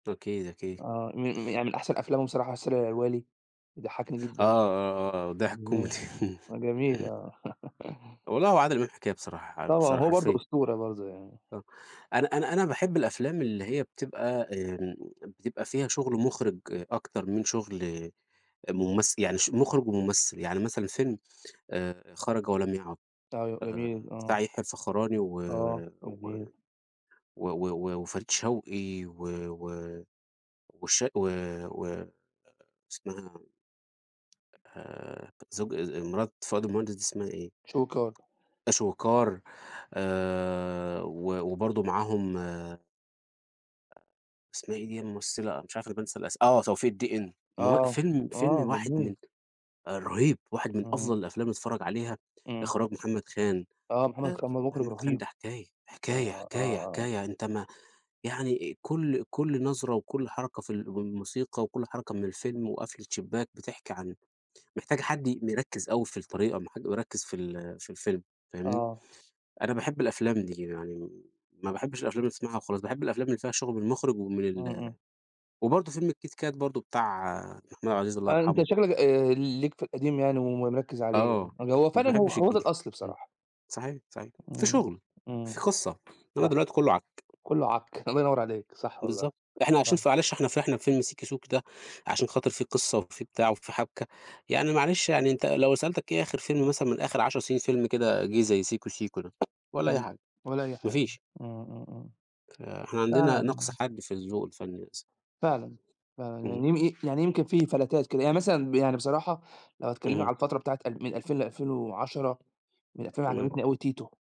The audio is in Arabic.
أكيد، أكيد. آه، م م يعني من أحسن أفلامهم بصراحة رسالة إلى الوالي، ضحكني آه، جدًا آه، آه، آه، وضحك كوميدي. [unintelligible] هو جميل آه. والله هو عادل إمام حكاية بصراحة طبعًا، بصراحة، هو برضه حرفيًا. أسطورة برضه يعني. آه، أنا أنا أنا باحب الأفلام اللي هي بتبقى آمم، بتبقى فيها شغل مخرج أكتر من شغل آآ، ممثل. يعني شغل مخرج وممثل، يعني مثلًا فيلم آآ، خرج ولم يعد أيوه، جميل آآ، آه. بتاع يحيى الفخراني و آه، و جميل. و و وفريد شوقي و و وش و و اسمها آآ، زوج آآ، مرات فؤاد المهندس دي، اسمها إيه؟ شويكار. شويكار آآ، و وبرضه معاهم. آآ اسمها إيه دي الممثلة، مش عارف أنا بانسى الأس آه، توفيق الدِقن ما هو آه، فيلم فيلم آه، واحد جميل. من آآ، رهيب. واحد من إمم. أفضل الأفلام اللي تتفرج عليها، إمم. إخراج محمد خان آه، محمد آآ، خان ده مخرج محمد خان رهيب. ده حكاية، حكاية، آه، آه، حكاية، آه. حكاية. أنت ما يعني آآ، كل كل نظرة وكل حركة في ال والموسيقى وكل حركة من الفيلم، وقفلة شباك بتحكي عن محتاجة حد ي مركِّز أوي في الطريقة ما حد يركِّز في ال في الفيلم فاهمني. آه. أنا باحب الأفلام دي يعني، ما باحبش الأفلام اللي تسمعها وخلاص باحب الأفلام اللي فيها شغل من المخرج ومن إمم، ال إمم. وبرضه فيلم الكيت كات برضه بتاع محمود عبد العزيز الله آآ، أنت يرحمه. شكلك آآ، ليك في القديم يعني ومركِّز عليه يعني. آه، هو ما فعلًا هو باحبش هو ده الجديد الأصل إمم، بصراحة. صحيح، صحيح. في إمم، شغل، في إمم. قصة، إنما صح، دلوقتي كله عك. كله عك. الله ينوّر عليك صح، والله بالضبط، إحنا عايشين صح. ف معلش إحنا فرحنا بفيلم سيكي سوكي ده عشان خاطر في قصة وفي بتاع وفي حبكة، يعني معلش يعني أنت لو سألتك إيه آخر فيلم مثلًا من آخر 10 فيلم كده جيه زي سيكو سيكو ده والَّا إم، أي م حاجة ولا أي ما حاجة. فيش. إمم، إمم، إمم. فإحنا عندنا فعلًا نقص حاد في الذوق الفني للأسف. فعلًا، فعلًا. اهم. يعني يم يعني يمكن في فلتات كده يعني مثلًا يعني بصراحة لو هتكلمني إمم. على الفترة بتاعة ال من 2000 ل2010، من 2000 تمام. عجبتني أوي تيتو.